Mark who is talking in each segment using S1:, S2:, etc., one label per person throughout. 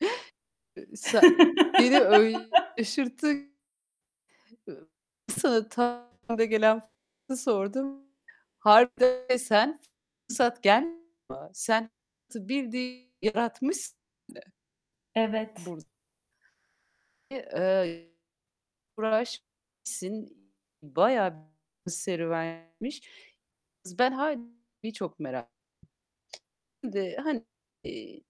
S1: Iıı, sa beni öyle şaşırttın. Sana tam da gelen soruyu sordum. Harbiden de sen fırsat gel sen fırsatı bildiğin yaratmışsın de.
S2: Evet.
S1: Burd İii, eee, uğraşmışsın, bayağı bir serüvenmiş. Ben harbiden çok merak Şimdi, hani, eee,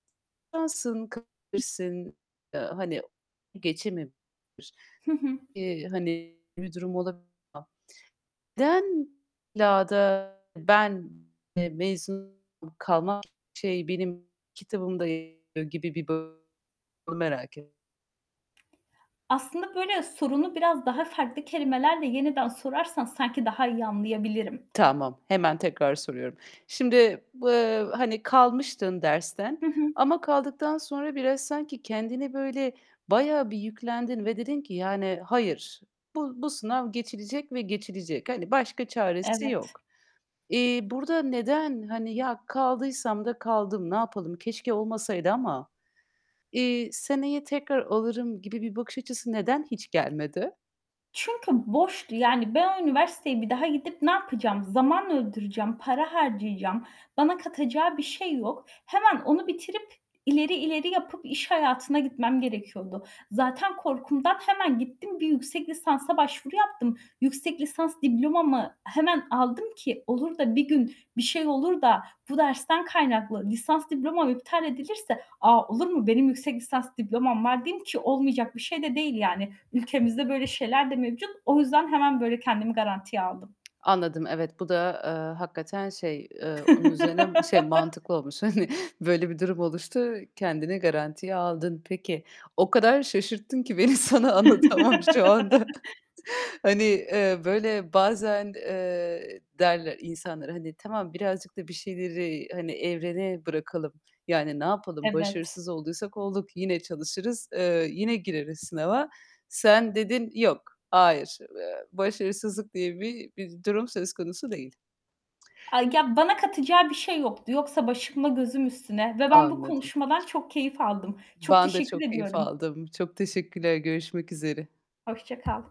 S1: şansın kırabilirsin, eee, hani, geçememiş
S2: Hı hı.
S1: eee, hani bir durum olabilir ama neden illa da ben, eee, mezun kalmak şey, benim kitabımda yer alıyor gibi bir bak onu merak et
S2: Aslında böyle sorunu biraz daha farklı kelimelerle yeniden sorarsan sanki daha iyi anlayabilirim.
S1: Tamam, hemen tekrar soruyorum. Şimdi, eee, hani kalmıştın dersten
S2: Hı hı.
S1: ama kaldıktan sonra biraz sanki kendini böyle bayağı bir yüklendin ve dedin ki: "Yani, hayır, bu bu sınav geçilecek ve geçilecek. Hani, başka çaresi
S2: Evet.
S1: yok." Eee, burada neden, hani, "Ya kaldıysam da kaldım, ne yapalım, keşke olmasaydı ama, eee, seneye tekrar alırım." gibi bir bakış açısı neden hiç gelmedi?
S2: Çünkü boştu. Yani ben o üniversiteye bir daha gidip ne yapacağım? Zaman öldüreceğim, para harcayacağım. Bana katacağı bir şey yok. Hemen onu bitirip, ileri, ileri yapıp iş hayatına gitmem gerekiyordu. Zaten korkumdan hemen gittim bir yüksek lisansa başvuru yaptım. Yüksek lisans diplomamı hemen aldım ki, olur da bir gün bir şey olur da bu dersten kaynaklı lisans diplomam iptal edilirse "A, olur mu? Benim yüksek lisans diplomam var." diyeyim ki olmayacak bir şey de değil yani. Ülkemizde böyle şeyler de mevcut. O yüzden hemen böyle kendimi garantiye aldım.
S1: Anladım. Evet, bu da, eee, hakikaten şey, eee, onun üzerine şey mantıklı olmuş. Hani, böyle bir durum oluştu kendini garantiye aldın. Peki, o kadar şaşırttın ki beni sana anlatamam şu anda. Hani, eee, böyle bazen, eee, derler insanlar, hani, tamam, birazcık da bir şeyleri, hani, evrene bırakalım. Yani, ne yapalım,
S2: Evet.
S1: başarısız olduysak olduk. Yine çalışırız, eee, yine gireriz sınava. Sen dedin "Yok, hayır, eee, başarısızlık diye bir bir durum söz konusu değil."
S2: Ay, ya, bana katacağı bir şey yoktu. Yoksa başımla gözüm üstüne ve ben bu
S1: Anladım.
S2: konuşmadan çok keyif aldım. Çok
S1: Ben de
S2: teşekkür
S1: çok keyif
S2: ediyorum.
S1: aldım. Çok teşekkürler. Görüşmek üzere.
S2: Hoşça kal.